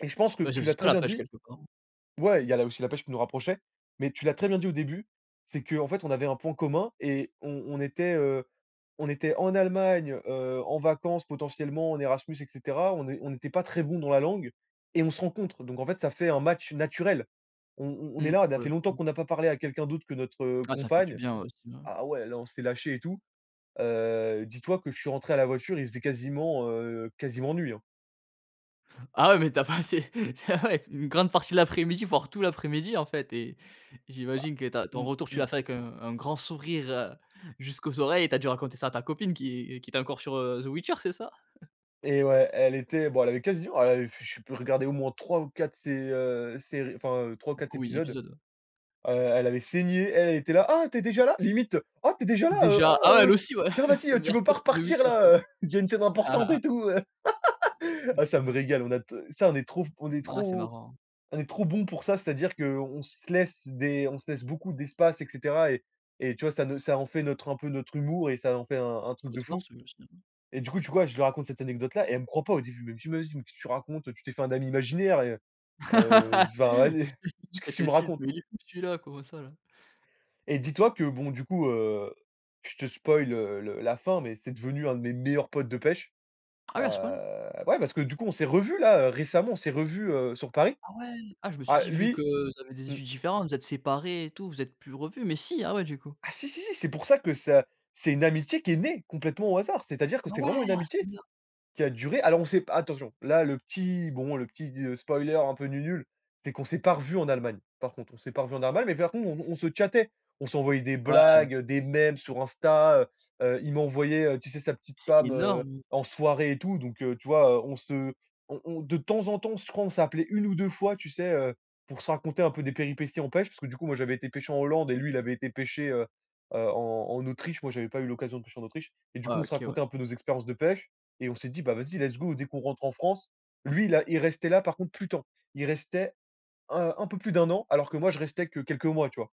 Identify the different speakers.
Speaker 1: Et je pense que
Speaker 2: Bah, c'est
Speaker 1: tu l'as
Speaker 2: aussi ça,
Speaker 1: très
Speaker 2: la
Speaker 1: bien
Speaker 2: pêche,
Speaker 1: dit
Speaker 2: quelque part, hein.
Speaker 1: ouais, il y a la aussi la pêche qui nous rapprochait, mais tu l'as très bien dit au début, c'est qu'en fait on avait un point commun et on on était, heu, on était en Allemagne, heu, en vacances potentiellement en Erasmus et cetera, on n'é on n'était pas très bons dans la langue et on se rencontre. Donc en fait, ça fait un match naturel. On on on est
Speaker 2: Mmh,
Speaker 1: là, ça
Speaker 2: pour
Speaker 1: fait
Speaker 2: le
Speaker 1: longtemps
Speaker 2: coup.
Speaker 1: qu'on n'a pas parlé à quelqu'un d'autre que notre
Speaker 2: Ah ça fait du
Speaker 1: compagne
Speaker 2: bien, ouais, sinon.
Speaker 1: ah ouais là, on s'est lâchés et tout. Heu, dis-toi que je suis rentré à la voiture, il faisait quasiment, heu, quasiment nuit, hein.
Speaker 2: Ah ouais mais tu as passé tu as ah ouais, une grande partie de l'après-midi, voir tout l'après-midi, en fait, et
Speaker 1: Bah
Speaker 2: j'imagine que ta ton
Speaker 1: mmh
Speaker 2: retour, tu
Speaker 1: mh.
Speaker 2: l'as fait avec un un grand sourire, heu, jusqu'aux oreilles, tu as dû raconter ça à ta copine qui qui était encore sur, heu, The Witcher, c'est ça?
Speaker 1: Eh ouais, elle était bon elle avait quasiment elle avait je sais plus, regardé au moins 3 ou 4 sé heu, séries, enfin 3 ou 4
Speaker 2: Oui,
Speaker 1: épisodes.
Speaker 2: épisodes.
Speaker 1: Heu, elle avait saigné, elle elle était là: «Ah tu es déjà là?», limite: «Ah tu es déjà là? Heu,
Speaker 2: Déjà
Speaker 1: ah,
Speaker 2: ah ouais, elle
Speaker 1: heu,
Speaker 2: aussi, ouais,
Speaker 1: tiens
Speaker 2: sa
Speaker 1: vas-y tu
Speaker 2: meilleure
Speaker 1: veux pas
Speaker 2: pote c'est The
Speaker 1: repartir
Speaker 2: Witcher, quoi.
Speaker 1: là, heu, il y a une scène importante et tout». Heu, ah, ça me
Speaker 2: [unintelligible]
Speaker 1: régale, on a t ça, on est trop on est
Speaker 2: Bah ouais, c'est
Speaker 1: trop
Speaker 2: marrant.
Speaker 1: on est trop bons pour ça, c'est-à-dire qu'on se laisse des on se laisse beaucoup d'espace et cetera et et tu vois ça ne ça en fait notre un peu notre humour et ça en fait un un truc de fou
Speaker 2: [unintelligible]
Speaker 1: et du coup, tu vois, je lui raconte cette anecdote-là et elle me croit pas au début, elle me dit: «Mais vas-y qu'est ce que tu racontes, tu t'es fait un ami imaginaire et heu heu, enfin vas-y qu'est-ce
Speaker 2: Elle
Speaker 1: tu me
Speaker 2: t'insulte:
Speaker 1: racontes?»
Speaker 2: «Mais il est fou, celui-là, comment ça, là?»
Speaker 1: Et dis-toi que bon du coup, heu, je te spoile le le la fin, mais c'est devenu un de mes meilleurs potes de pêche.
Speaker 2: Ah
Speaker 1: Heu,
Speaker 2: ouais à ce point-là?
Speaker 1: ouais parce que du coup on s'est revus, là, récemment, on s'est revus, heu, sur Paris.
Speaker 2: Ah ouais. Ah je me suis
Speaker 1: Ah
Speaker 2: dit vu que
Speaker 1: lui
Speaker 2: vous avez des
Speaker 1: mmh.
Speaker 2: études différentes, vous êtes séparés et tout, vous êtes plus revus mais si ah ouais du coup.
Speaker 1: Ah, si, si, si, c'est pour ça que ça, c'est une amitié qui est née complètement au hasard. C'est-à-dire que
Speaker 2: Ah,
Speaker 1: c'est
Speaker 2: ouais?
Speaker 1: vraiment une
Speaker 2: a ce
Speaker 1: amitié
Speaker 2: point là?
Speaker 1: s qui a duré alors on sait p attention, là le petit, bon, le petit spoiler un peu nu-nul, c'est qu'on s'est pas revus en Allemagne, par contre. On s'est pas revus en Allemagne, mais par contre on on se chattait. On s'envoyait des
Speaker 2: Ouais.
Speaker 1: blagues, des mèmes sur Insta, heu heu, il m'a envoyé, heu, tu sais sa petite
Speaker 2: C'est
Speaker 1: femme
Speaker 2: énorme.
Speaker 1: en soirée et tout. Donc heu, tu vois? On se on on de temps en temps, je crois, on s'appelait 1 ou 2 fois, tu sais, heu, pour se raconter un peu des péripéties en pêche. Parce que du coup moi, j'avais été pêcher en Hollande et lui il avait été pêcher, heu heu, en en Autriche. Moi j'avais pas eu l'occasion de pêcher en Autriche et du
Speaker 2: Ouais,
Speaker 1: coup on se
Speaker 2: OK, ouais.
Speaker 1: racontait un peu nos expériences de pêche et on s'est dit: «Bah vas-y let's go, dès qu'on rentre en France». Lui là, il restait là par contre plus temps. Il restait un un peu plus de 1 an alors que moi je restais que quelques mois, tu vois?